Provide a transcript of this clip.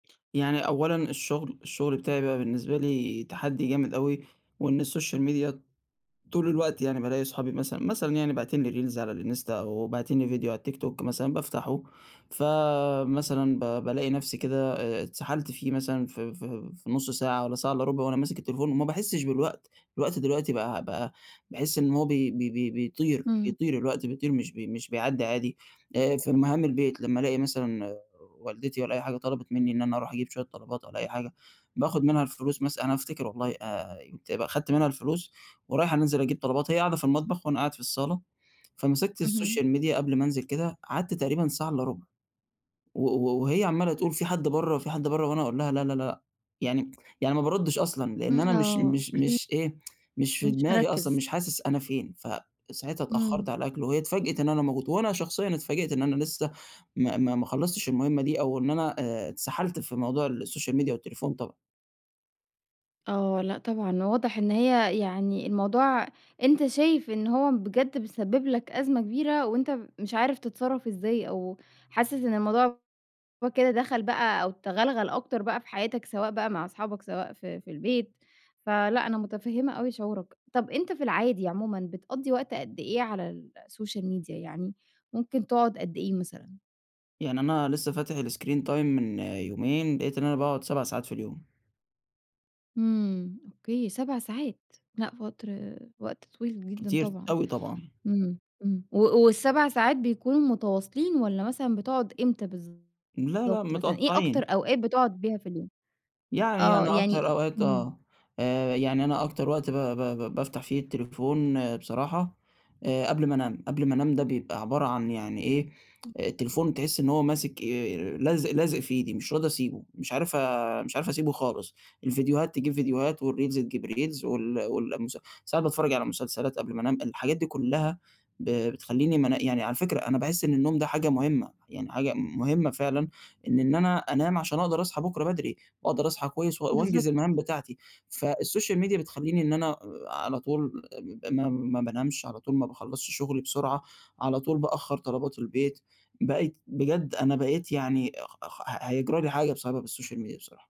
يعني أولًا الشغل، الشغل بتاعي بقى بالنسبة لي تحدّي جامد أوي وإن السوشيال ميديا طول الوقت يعني بالاقي أصحابي مثلًا، مثلًا يعني باعتين لي reels على الإنستا أو باعتين لي فيديو على التيك توك مثلًا بافتَحه فمثلًا ب بالاقي نفسي كده آآ اتسحَلت فيه مثلًا ف ف في نُص ساعة والّا ساعة إلّا رُبع وأنا ماسِك التليفون وما باحسّش بالوقت، الوقت دلوقتي بقى بقى باحس إن هو بي بي بي بيطير، إمم. بيطير الوقت، بيطير مش بي مش بيعدّى عادي. آآ في مهام البيت لمّا ألاقي مثلًا والدتي والّا أي حاجة طلَبِت منّي إن أنا أرُوح أجيب شوية طلبات والّا أي حاجة باخذ منها الفلوس مث أنا هافتكر والله آآ، آآ يبقي أخدت منها الفلوس ورايح أنزِل أجيب طلبات هي قاعدة في المطبخ وأنا قاعد في الصالة، فمسِكت اهم. السوشيال ميديا قَبل ما أنزِل كده قعَدت تقريبًا ساعة إلّا رُبع و و وهي عمّالة تقول: "في حَد برّه، في حَد برّه؟" وأنا أقول لها لا، لا، لأ، يعني يعني ما بارُدِّش أصلًا لأن أنا إمم، مش آه، مش أوكي. مش إيه، مش في مش دماغي أصلًا، مركِّز. مش حاسس أنا فين، فساعتها اتأخّرت إمم. على الأكْل وهي اتفاجئت إن أنا موجود وأنا شخصيًا اتفاجِئت إن أنا لسه ما ما ما خلّصتش المهمة دي أو إن أنا، آآ اتسحَلت في موضوع السوشيال ميديا والتليفون طبعًا. آه، لأ طبعًا واضح إن هي يعني الموضوع أنت شايف إن هو بجد بيسبّب لك أزمة كبيرة وأنت مش عارف تتصرّف إزاي أو حاسس إن الموضوع هو كده دَخَل بقى أو تغلغل أكتر بقى في حياتك، سواء بقى مع أصحابك سواء في في البيت. فلأ أنا مُتفهِّمة أوي شعورك. طَب أنت في العادي عمومًا بتقضّي وقت قد إيه على السوشيال ميديا يعني ممكن تقعُد قد إيه مثلًا؟ يعني أنا لسه فاتح الscreen time من يومين لقيت إن أنا باقعُد 7 ساعات في اليوم. إمم، أوكي، 7 ساعات! لأ وقت وقت طويل جدًا كتير طبعًا، أوي طبعًا. إمم، إمم، و وال7 ساعات بيكونوا متواصلين والّا مثلًا بتقعُد إمتى بالضبط لا، لأ، مثلًا، إيه أكتر متقطّعين. أوقات بتقعُد بيها في اليوم؟ يعني آه أنا أكتر يعني إ أوقات إمم. آه. آآ يعني أنا أكتر وقت ب ب ب بافتَح فيه التليفون بصراحة آآ، قَبل ما أنام، قَبل ما أنام ده بيبقى عبارة عن يعني إيه التليفون [unintelligible] تحِس إن هو ماسِك آآ، لازق لازق في إيدي مش راضي أسيبه، مش عارف مش عارف أسيبه خالص، الفيديوهات تجيب فيديوهات والreels تجيب reels وال وال المس ساعات باتفرَّج على مسلسلات قبل ما أنام، الحاجات دي كلّها ب بتخلّيني ما أنا يعني على فكرة أنا باحس إن النوم ده حاجة مهمة، يعني حاجة مهمة فعلًا إن إن أنا أنام عشان أقدَر أصحى بُكرة بدري وأقدَر أصحى كويس و وأنجِز بالضبط. المهام بتاعتي فالسوشيال ميديا بتخلّيني إن أنا على طول ب ما ما بانامش على طول، ما باخلّصش شُغلي بسرعة، على طول بأخّر طلبات البيت. بقيت، بجد أنا بقيت يعني خخ هيجرى لي حاجة بسبب السوشيال ميديا بصراحة.